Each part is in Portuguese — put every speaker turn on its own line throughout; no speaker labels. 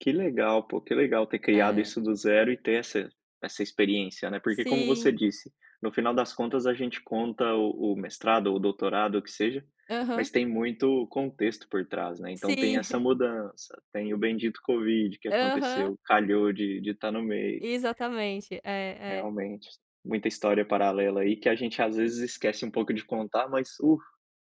Que legal, pô. Que legal ter criado
É
isso do 0 e ter essa essa experiência, né? Porque, como você
Sim.
disse, no final das contas a gente conta o o mestrado ou o doutorado, o que seja,
Aham.
mas tem muito contexto por trás, né? Então, tem
Sim.
essa mudança, tem o bendito covid que
Aham.
aconteceu, calhou de de estar no meio.
Exatamente. E, é.
Realmente, muita história paralela aí que a gente às vezes esquece um pouco de contar, mas, uh!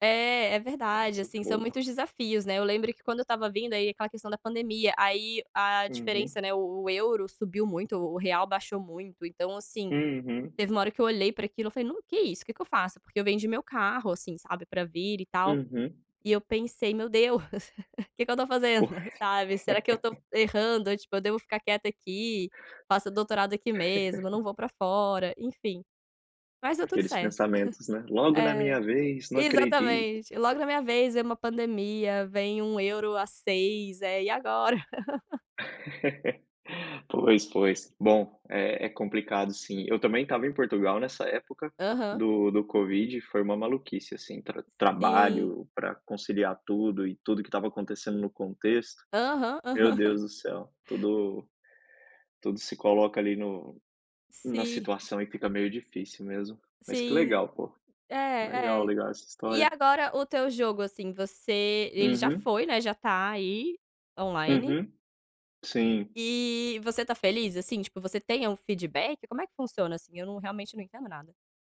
É, é
Um
verdade, assim, são
sufoco.
muitos desafios, né, eu lembro que quando eu estava vindo, aí aquela questão da pandemia, aí a
Uhum.
diferença, né, o o euro subiu muito, o real baixou muito, então, assim,
Uhum.
teve uma hora que eu olhei para aquilo, eu falei: "Não. Que isso? Que que eu faço?" Porque eu vendi meu carro, assim, sabe, pra vir e tal,
Uhum.
e eu pensei: "Meu Deus, que que eu tô fazendo,
Pois.
sabe? Será que eu tô errando ou, tipo, eu devo ficar quieta aqui, faço doutorado aqui mesmo, eu não vou para fora?" Enfim. Mas deu tudo
Aqueles
certo.
pensamentos, né?: "Logo na minha
É,
vez, não acredito!"
exatamente. Logo na minha vez vem uma pandemia, vem 1 euro a 6, é. "E agora?"
Pois, pois. Bom, é é complicado sim. Eu também estava em Portugal nessa época
Aham.
do do covid, foi uma maluquice, assim, tra
Sim.
trabalho, pra conciliar tudo e tudo que estava acontecendo no contexto.
Aham,
Meu
aham.
Deus do céu, tudo, tudo se coloca ali no na
Si
situação e fica meio difícil mesmo. Mas que
Sim.
legal, pô.
É,
Legal,
é.
legal essa
E
história.
agora o teu jogo, assim, você, ele já
Uhum.
foi, né, já tá aí online.
Uhum. Sim.
E, e você tá feliz, assim, tipo, você tem a um feedback? Como é que funciona, assim? Eu não realmente não entendo nada.